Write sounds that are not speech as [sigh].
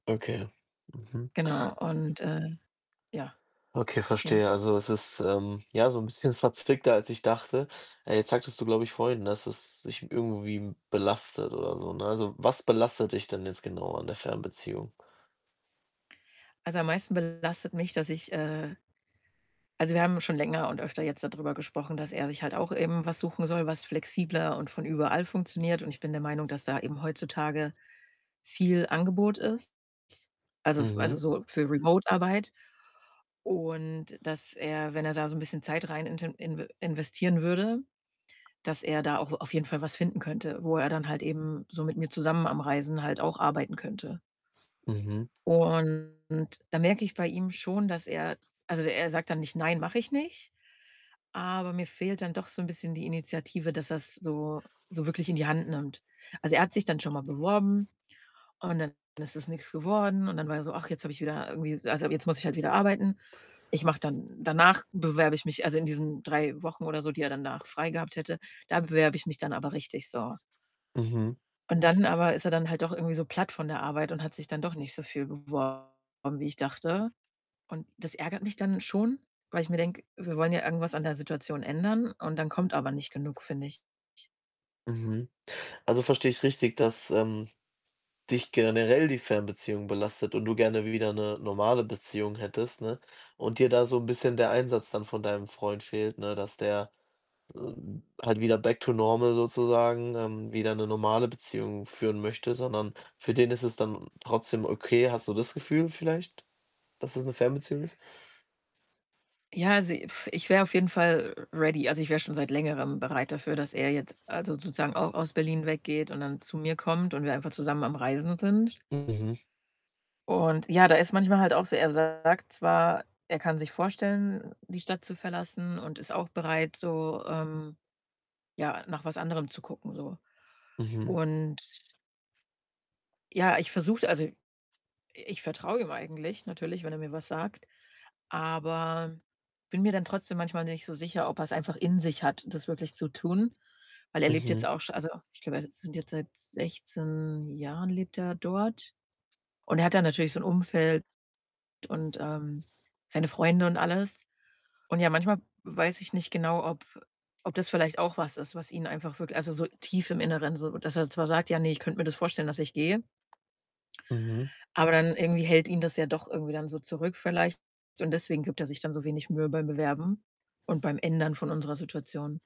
Okay, mhm. Genau und, äh ja. Okay, Ja? verstehe. Also, es ist, ähm, ja, so 'n bisschen verzwickter, als ich dachte. Äh, jetzt sagtest du, glaube ich, vorhin, dass es dich irgendwie belastet oder so, ne? Also, was belastet dich denn jetzt genau an der Fernbeziehung? Also, am meisten belastet mich, dass ich, äh also, wir haben schon länger und öfter jetzt dadrüber gesprochen, dass er sich halt auch eben was suchen soll, was flexibler und von überall funktioniert. Und ich bin der Meinung, dass da eben heutzutage viel Angebot ist, also f also, Mhm. so für remote Arbeit. Und dass er, wenn er da so 'n bisschen Zeit rein int inv investieren würde, dass er da auch auf jeden Fall was finden könnte, wo er dann halt eben so mit mir zusammen am Reisen halt auch arbeiten könnte. Mhm. Und da merke ich bei ihm schon, dass er also, er sagt dann nicht: „Nein, mache ich nicht“, aber mir fehlt dann doch so 'n bisschen die Initiative, dass er's so so wirklich in die Hand nimmt. Also, er hat sich dann schon mal beworben und dann ist es nix geworden. Und dann war er so: „Ach, jetzt habe ich wieder irgendwie s also, jetzt muss ich halt wieder arbeiten. Ich mache dann danach bewerbe ich mich“ also in diesen 3 Wochen oder so, die er danach frei gehabt hätte: „Da bewerbe ich mich dann aber richtig, so.“ Mhm. Und dann aber ist er dann halt doch irgendwie so platt von der Arbeit und hat sich dann doch nicht so viel beworben, wie ich dachte. Und das ärgert mich dann schon, weil ich mir denke: „Wir wollen ja irgendwas an der Situation ändern und dann kommt aber nicht genug“, finde ich. Mhm. Also, verstehe ich richtig, dass, ähm, dich generell die Fernbeziehung belastet und du gerne wieder 'ne normale Beziehung hättest, ne, und dir da so 'n bisschen der Einsatz dann von deinem Freund fehlt, ne, dass der, äh, halt wieder back to normal sozusagen, ähm, wieder 'ne normale Beziehung führen möchte, sondern für den ist es dann trotzdem okay. Hast du das Gefühl vielleicht, dass es 'ne Fernbeziehung ist? Ja, also, ich wäre auf jeden Fall r ready. Also, ich wäre schon seit Längerem bereit dafür, dass er jetzt, also, sozusagen auch aus Berlin weggeht und dann zu mir kommt und wir dann einfach zusammen am Reisen sind. Mhm. Und, ja, der ist manchmal halt auch so er sagt zwar, er kann sich vorstellen, die Stadt zu verlassen und ist auch bereit so, ähm, ja, nach was anderem zu gucken so. Mhm. Und ja, ich versuche also, i ich vertraue ihm eigentlich natürlich, wenn er mir was sagt, aber bin mir dann trotzdem manchmal nicht so sicher, ob er's einfach in sich hat, das wirklich zu tun. Weil er lebt Mhm. jetzt auch schon also, ich glaube, er [unintelligible] jetzt seit 16 Jahren lebt er dort. Und er hat da natürlich so 'n Umfeld und, ähm, seine Freunde und alles. Und, ja, manchmal weiß ich nicht genau, ob ob das vielleicht auch was ist, was ihn einfach wirk also, so tief im Inneren so, dass er zwar sagt: „Ja, ne, ich könnte mir das vorstellen, dass ich gehe“ Mhm. aber dann irgendwie hält ihn das ja doch irgendwie dann so zurück vielleicht und deswegen gibt er sich dann so wenig Mühe beim Bewerben und beim Ändern von unserer Situation.